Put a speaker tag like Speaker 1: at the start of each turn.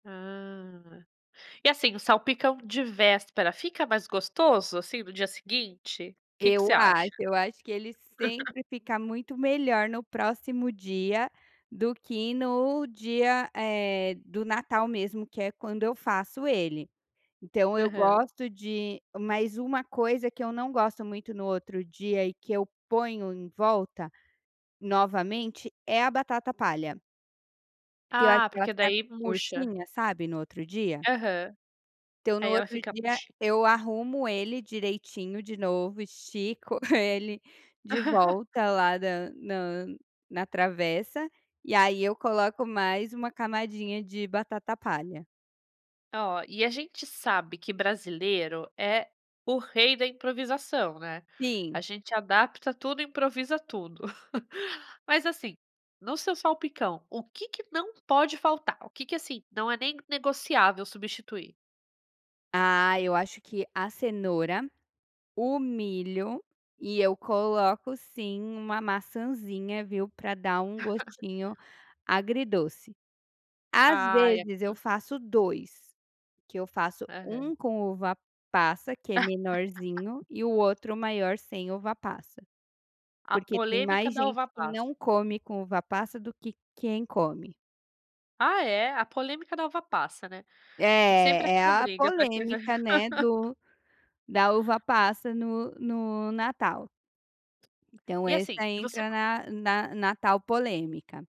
Speaker 1: Ah, e, assim, o salpicão de véspera fica mais gostoso, assim, no dia seguinte? Que que
Speaker 2: Eu
Speaker 1: você
Speaker 2: acho,
Speaker 1: acha?
Speaker 2: eu acho que ele sempre fica muito melhor no próximo dia, do que no dia, eh, do natal mesmo que é quando eu faço ele. Então eu
Speaker 1: Aham.
Speaker 2: gosto de mas uma coisa que eu não gosto muito no outro dia e que eu ponho em volta novamente é a batata palha Que eu acho
Speaker 1: Ah,
Speaker 2: que ela
Speaker 1: porque
Speaker 2: fica
Speaker 1: daí murcha.
Speaker 2: murchinha, sabe, no outro dia?
Speaker 1: Aham.
Speaker 2: Então no
Speaker 1: Aí ela
Speaker 2: outro
Speaker 1: fica
Speaker 2: dia
Speaker 1: muchi
Speaker 2: eu arrumo ele direitinho de novo, estico ele de volta lá da na na travessa e aí eu coloco mais uma camadinha de batata palha.
Speaker 1: Oh, e a gente sabe que brasileiro é o rei da improvisação, né. A
Speaker 2: Sim.
Speaker 1: gente adapta tudo e improvisa tudo. Mas, assim, no seu salpicão, o que que não pode faltar? O que que, assim, não é nem negociável substituir?
Speaker 2: Ah, eu acho que a cenoura, o milho e eu coloco sim uma maçãzinha, viu, pra dar um gostinho agridoce. Às
Speaker 1: Ai a
Speaker 2: vezes eu faço 2, que eu faço
Speaker 1: Aham.
Speaker 2: 1 com uva-passa, que é menorzinho, e o outro maior sem uva-passa.
Speaker 1: A
Speaker 2: Porque tem
Speaker 1: polêmica
Speaker 2: mais
Speaker 1: da
Speaker 2: gente que
Speaker 1: uva-passa.
Speaker 2: não come com uva-passa, do que quem come.
Speaker 1: Ah, é? A polêmica da uva-passa, né, é sempre
Speaker 2: É, é
Speaker 1: aquela
Speaker 2: a
Speaker 1: briga pra quem vai
Speaker 2: polêmica, né, do da uva-passa no no natal. Então
Speaker 1: E, assim,
Speaker 2: essa
Speaker 1: e você
Speaker 2: entra
Speaker 1: co
Speaker 2: na na na tal polêmica.